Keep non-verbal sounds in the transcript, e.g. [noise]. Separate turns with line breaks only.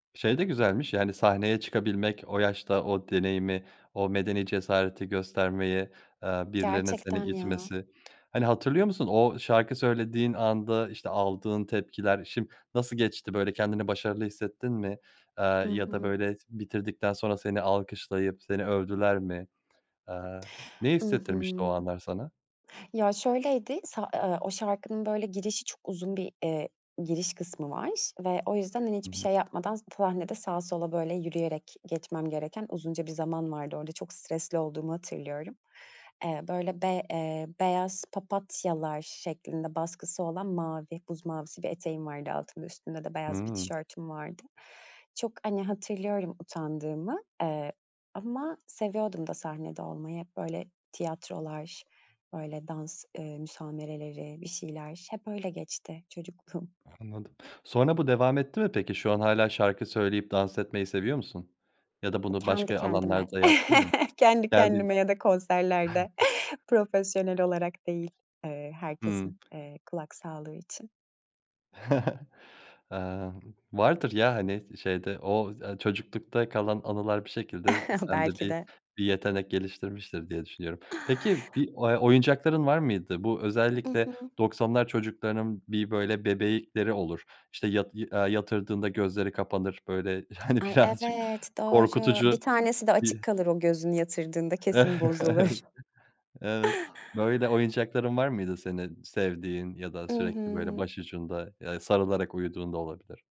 Şey de güzelmiş, yani, sahneye çıkabilmek, o yaşta o deneyimi, o medeni cesareti göstermeyi, eee, birilerinin seni
Gerçekten ya.
itmesi. Hani, hatırlıyor musun, o şarkı söylediğin anda, işte, aldığın tepkiler şim nasıl geçti, böyle, kendini başarılı hissettin mi? Eee,
I
ya da
hı.
böyle, bitirdikten sonra seni alkışlayıp seni övdüler mi? Eee, ne
I
hissettirmişti o
hı.
anlar sana?
Ya, şöyleydi, sa eee, o şarkının böyle girişi çok uzun bir, eee, giriş kısmı var ve o yüzden, hani,
Hı
hiçbir
hı.
şey yapmadan p sahnede sağa sola, böyle, yürüyerek geçmem gereken uzunca bir zaman vardı orada, çok stresli olduğumu hatırlıyorum. Eee, böyle, be eee, beyaz papatyalar şeklinde baskısı olan mavi, buz mavisi bir eteğim vardı altımda, üstünde de beyaz bir
Hıı.
tişörtüm vardı. Çok, hani, hatırlıyorum utandığımı, eee, ama seviyordum da sahnede olmayı. Hep, böyle, tiyatrolar, böyle, dans, eee, müsamereleri, bir şeyler hep öyle geçti çocukluğum.
Anladım. Sonra bu devam etti mi peki? Şu an hâlâ şarkı söyleyip dans etmeyi seviyor musun? Ya da bunu
Kendi
başka
kendime.
alanlarda yaptın mı?
[chuckles] Kendi
Kendi
kendime ya da konserlerde profesyonel olarak değil, eee, herkesin,
Hımm.
eee, kulak sağlığı için.
[chuckles] Eee, vardır, ya, hani, sı şeyde o, ııı, çocuklukta kalan anılar bir şekilde, ııı,
[chuckles]
sende
Belki
bir
de.
bir yetenek geliştirmiştir diye düşünüyorum. Peki, bir, eee, oyuncakların var mıydı? Bu,
I
özellikle
hı.
90'lar çocuklarının bir, böyle, bebekleri olur, işte, yat iii, aaa yatırdığında gözleri kapanır, böyle, hani,
Ay
birazcık
evet, doğru.
korkutucu
Bir tanesi de açık
bir
kalır o gözünü yatırdığında, kesin bozulur.
[chuckles] Evet. Böyle, oyuncakların var mıydı senin sevdiğin ya da
I
sürekli böyle
hı.
başucunda ya da sarılarak uyuduğun da olabilir?